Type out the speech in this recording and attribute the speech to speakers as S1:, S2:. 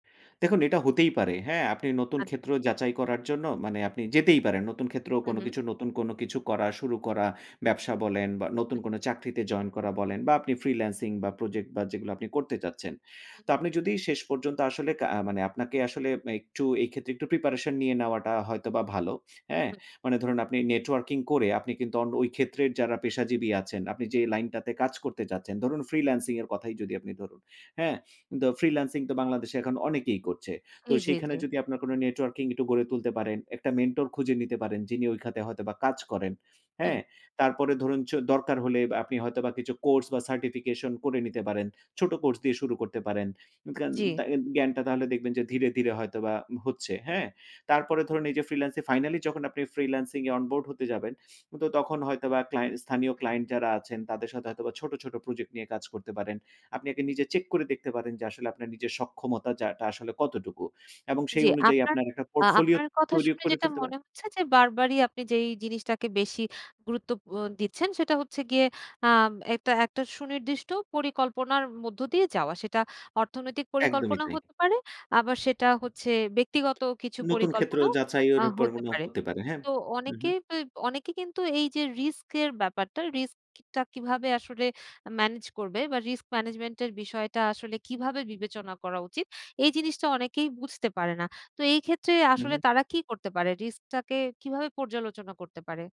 S1: দেখুন এটা হতেই পারে হ্যাঁ? আপনি নতুন
S2: আ
S1: ক্ষেত্র যাচাই করার জন্য মানে আপনি যেতেই পারেন। নতুন ক্ষেত্র
S2: হুম,
S1: কোন
S2: হুম।
S1: কিছু নতুন কোন কিছু করা, শুরু করা ব্যবসা বলেন, বা নতুন
S2: হুম।
S1: কোন চাকরিতে জয়েন করা বলেন বা আপনি ফ্রিল্যান্সিং বা প্রজেক্ট, বা যেগুলো আপনি করতে চাচ্ছেন।
S2: হুম।
S1: তো আপনি যদি শেষ পর্যন্ত আসলে কা আ মানে আপনাকে আসলে একটু এই ক্ষেত্রে একটু প্রিপারেশন নিয়ে নেওয়াটা হয়তোবা ভালো। হ্যাঁ?
S2: হুম।
S1: মানে ধরুন আপনি নেটওয়ার্কিং করে আপনি কিন্তু অন ওই ক্ষেত্রের যারা পেশাজীবী আছেন, আপনি যে লাইনটাতে কাজ করতে চাচ্ছেন, ধরুন ফ্রিল্যান্সিং এর কথাই যদি আপনি ধরুন। হ্যাঁ? তো ফ্রিল্যান্সিং তো বাংলাদেশে এখন অনেকেই করছে। তো
S2: জি, জি,
S1: সেখানে
S2: জি।
S1: যদি আপনার কোন নেটওয়ার্কিং একটু গড়ে তুলতে পারেন, একটা মেন্টর খুঁজে নিতে পারেন যিনি ওই খাতে হয়তোবা কাজ করেন। হ্যাঁ?
S2: হুম।
S1: তারপরে ধরুন চ দরকার হলে আব আপনি হয়তোবা কিছু কোর্স বা সার্টিফিকেশন করে নিতে পারেন। ছোট কোর্স দিয়ে শুরু করতে পারেন জ্ঞান
S2: জি।
S1: দাগেন জ্ঞানটা তাহলে দেখবেন যে ধীরে, ধীরে হয়তোবা হচ্ছে। হ্যাঁ? তারপরে ধরুন এই যে ফ্রিল্যান্সিং ফাইনালি যখন আপনি ফ্রিল্যান্সিং এ অন বোর্ড হতে যাবেন। তো তখন হয়তোবা ক্লায়েন্ট স্থানীয় ক্লায়েন্ট যারা আছেন তাদের সাথে হয়তোবা ছোট, ছোট প্রজেক্ট নিয়ে কাজ করতে পারেন। আপনি আগে
S2: হুম।
S1: নিজে চেক করে দেখতে পারেন যে আসলে আপনার নিজের সক্ষমতার জায়গাটা আসলে কতটুকু? এবং
S2: জি
S1: সেই অনুযায়ী
S2: আপনার
S1: আপনার একটা
S2: আ
S1: পোর্টফোলিও
S2: আপনার কথা
S1: তৈরিও
S2: শুনে
S1: করে
S2: যেটা
S1: ফেলতে পারেন
S2: মনে হচ্ছে যে, বারবারই আপনি যেই জিনিসটাকে বেশি গুরুত্ব ব দিচ্ছেন সেটা হচ্ছে গিয়ে। আ একটা একটা সুনির্দিষ্ট পরিকল্পনার মধ্য দিয়ে যাওয়া। সেটা অর্থনৈতিক
S1: একদমই
S2: পরিকল্পনা
S1: তাই।
S2: হতে পারে। আবার সেটা হচ্ছে ব্যক্তিগত কিছু
S1: নতুন ক্ষেত্র
S2: পরিকল্পনাও আ
S1: যাচাইয়ের উপর
S2: হতে
S1: মনে
S2: পারে।
S1: হতে পারে, হ্যাঁ।
S2: তো
S1: হুম,
S2: অনেকে
S1: হুম।
S2: এব অনেকেই কিন্তু এই যে রিস্কের ব্যাপারটা, রিস্কটা কিভাবে আসলে মেনেজ করবে বা রিস্ক ম্যানেজমেন্ট এর বিষয়টা আসলে কিভাবে বিবেচনা করা উচিত? এই জিনিসটা অনেকেই বুঝতে পারে না। তো এই ক্ষেত্রে
S1: হুম,
S2: আসলে
S1: হুম।
S2: তারা কি করতে পারে? রিস্ক টাকে কিভাবে পর্যালোচনা করতে পারে?